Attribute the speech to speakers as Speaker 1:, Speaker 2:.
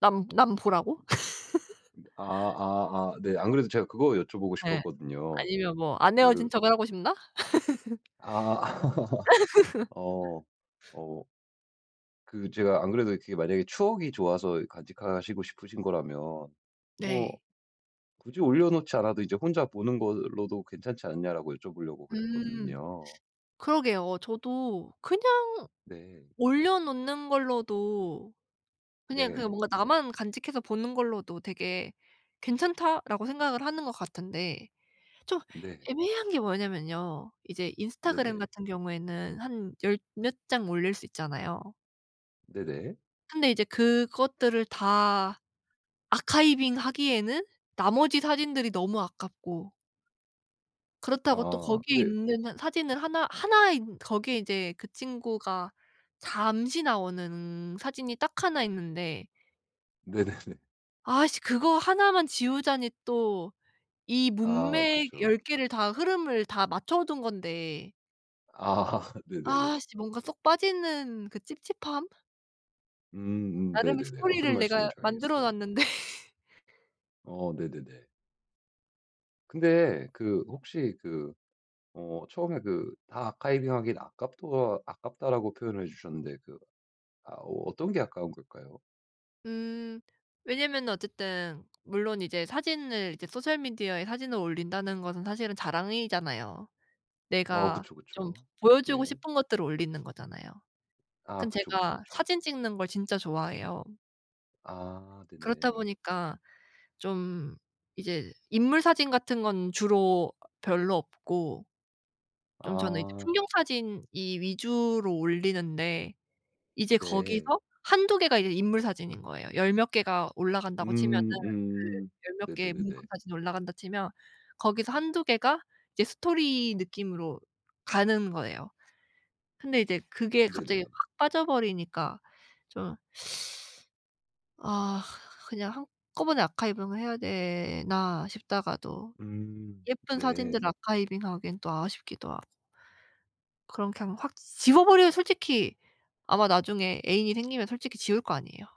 Speaker 1: 남 남 보라고?
Speaker 2: 아 아 아. 네 안 그래도 제가 그거 여쭤보고
Speaker 1: 네.
Speaker 2: 싶었거든요.
Speaker 1: 아니면 뭐 안
Speaker 2: 그
Speaker 1: 헤어진 척을 하고 싶나?
Speaker 2: 아. 어. 어. 그 제가 안 그래도 그게 만약에 추억이 좋아서 간직하시고 싶으신 거라면
Speaker 1: 네.
Speaker 2: "뭐 굳이 올려놓지 않아도 인제 혼자 보는 걸로도 괜찮지 않냐?"라고 여쭤보려고
Speaker 1: 음
Speaker 2: 그랬거든요.
Speaker 1: 그러게요. 저도 그냥
Speaker 2: 네.
Speaker 1: 올려놓는 걸로도 '그냥 그냥
Speaker 2: 네.
Speaker 1: 뭔가 나만 간직해서 보는 걸로도 되게 괜찮다.'라고 생각을 하는 것 같은데 좀
Speaker 2: 네.
Speaker 1: 애매한 게 뭐냐면요. 이제 인스타그램
Speaker 2: 네네.
Speaker 1: 같은 경우에는 한 열 몇 장 올릴 수 있잖아요.
Speaker 2: 네네.
Speaker 1: 근데 이제 그것들을 다 아카이빙하기에는 나머지 사진들이 너무 아깝고 그렇다고 또
Speaker 2: 아
Speaker 1: 거기에
Speaker 2: 근데
Speaker 1: 있는 사진을 하나 하나인 거기에 이제 그 친구가 잠시 나오는 사진이 딱 1 있는데
Speaker 2: 네네네.
Speaker 1: 아씨 그거 1 만 지우자니 또 이
Speaker 2: 아
Speaker 1: 문맥
Speaker 2: 그쵸.
Speaker 1: 10 개를 다 흐름을 다 맞춰 둔 건데
Speaker 2: 아 네네네.
Speaker 1: 아씨 뭔가 쏙 빠지는 그 찝찝함?
Speaker 2: 음음.
Speaker 1: 나름의
Speaker 2: 네네네. 어떤
Speaker 1: 스토리를 내가
Speaker 2: 말씀인지
Speaker 1: 만들어
Speaker 2: 알겠어요.
Speaker 1: 놨는데.
Speaker 2: 어 네네네. 근데 그 혹시 그 어 처음에 그 "다 아카이빙하긴 아깝또 아깝다."라고 표현해 주셨는데 그 아 어 어떤 게 아까운 걸까요?
Speaker 1: 음 왜냐하면은 어쨌든 물론 이제 사진을 이제 소셜 미디어에 사진을 올린다는 것은 사실은 자랑이잖아요.
Speaker 2: 어
Speaker 1: 내가
Speaker 2: 그쵸,
Speaker 1: 좀
Speaker 2: 그쵸.
Speaker 1: 보 보여 주고
Speaker 2: 네.
Speaker 1: 싶은 것들을 올리는 거잖아요.
Speaker 2: 아
Speaker 1: 근데
Speaker 2: 그쵸, 그쵸
Speaker 1: 제가
Speaker 2: 그쵸.
Speaker 1: 사진 찍는 걸 진짜 좋아해요.
Speaker 2: 아
Speaker 1: 그렇다
Speaker 2: 네네.
Speaker 1: 보니까 좀 이제 인물 사진 같은 건 주로 별로 없고 좀 저는 이제
Speaker 2: 아.
Speaker 1: 풍경 사진 이 위주로 올리는데 이제
Speaker 2: 네.
Speaker 1: 거기서 1-2 개가 이제 인물 사진인 거예요. 열 몇 개가 올라간다고 치면은
Speaker 2: 음 음.
Speaker 1: 그 열 몇 개의 풍경
Speaker 2: 네네네네.
Speaker 1: 사진이 올라간다 치면 거기서 1-2 개가 이제 스토리 느낌으로 가는 거예요. 근데 이제 그게 갑자기
Speaker 2: 네네.
Speaker 1: 확 빠져버리니까 좀 '아 그냥 한꺼번에 아카이빙을 해야 되나?' 싶다가도
Speaker 2: 음
Speaker 1: 예쁜 사진들
Speaker 2: 네.
Speaker 1: 아카이빙하기엔 또 아쉽기도 하고. 그럼 그냥 확 지워버려면 솔직히 아마 나중에 애인이 생기면 솔직히 지울 거 아니에요.